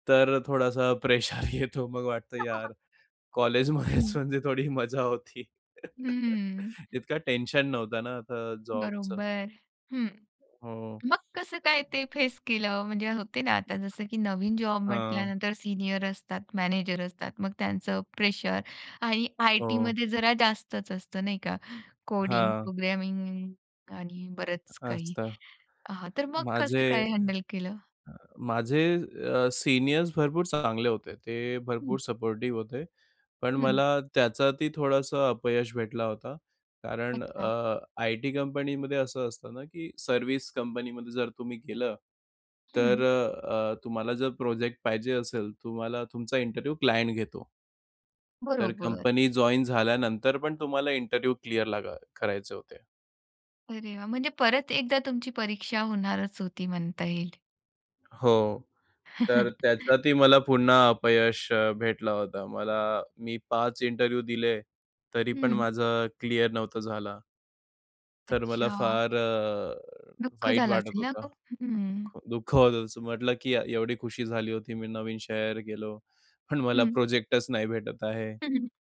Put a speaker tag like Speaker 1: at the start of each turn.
Speaker 1: तर थोडासा प्रेशर येतो मग वाटतं यार कॉलेजमध्येच
Speaker 2: हं.
Speaker 1: म्हणजे थोडी मजा होती.
Speaker 2: हम्म.
Speaker 1: इतकं टेन्शन नव्हतं ना आता जॉबचं.
Speaker 2: बरोबर. हं.
Speaker 1: हो.
Speaker 2: मग कसं काय ते फेस केलं? म्हणजे होते ना आता जसं की नवीन जॉब
Speaker 1: हां.
Speaker 2: म्हटल्यानंतर सीनियर असतात, मॅनेजर असतात. मग त्यांचं प्रेशर आणि
Speaker 1: हो.
Speaker 2: आयटीमध्ये जरा जास्तच असतं, नाही का? कोडिंग,
Speaker 1: हां.
Speaker 2: प्रोग्रामिंग आणि बरंच काही
Speaker 1: असतं.
Speaker 2: आह, तर मग कसं
Speaker 1: माझे
Speaker 2: काय हँडल केलं?
Speaker 1: माझे अ, सीनियर्स भरपूर चांगले होते. ते
Speaker 2: हं.
Speaker 1: भरपूर सपोर्टिव्ह होते. पण
Speaker 2: हं.
Speaker 1: मला त्याच्यातही थोडंसं अपयश भेटला होता. कारण
Speaker 2: अच्छा.
Speaker 1: अ, आयटी कंपनीमध्ये असं असतं ना की सर्व्हिस कंपनीमध्ये जर तुम्ही गेलं
Speaker 2: हं.
Speaker 1: तर अ, अ, तुम्हाला जर प्रोजेक्ट पाहिजे असेल, तुम्हाला तुमचा इंटरव्ह्यू क्लायंट घेतो तर
Speaker 2: बरोबर.
Speaker 1: कंपनी जॉइन झाल्यानंतर पण तुम्हाला इंटरव्ह्यू क्लिअर लागा करायचे होते.
Speaker 2: अरे वाह! म्हणजे परत एकदा तुमची परीक्षा होणारच होती म्हणता येईल.
Speaker 1: हो, तर त्याच्यातही मला पुन्हा अपयश अ, भेटला होता. मला मी 5 इंटरव्ह्यू दिले, तरी पण
Speaker 2: हं.
Speaker 1: माझं क्लिअर नव्हता झाला. तर मला
Speaker 2: अच्छा.
Speaker 1: फार अ,
Speaker 2: दुःख
Speaker 1: वाईट
Speaker 2: झालं असेल
Speaker 1: वाटत
Speaker 2: ना
Speaker 1: होतं.
Speaker 2: खूप? हं.
Speaker 1: दुःख होतं. असं म्हटलं की य एवढी खुशी झाली होती मी नवीन शहर गेलो. पण मला
Speaker 2: हं.
Speaker 1: प्रोजेक्टच नाही भेटत आहे.
Speaker 2: हं, हं.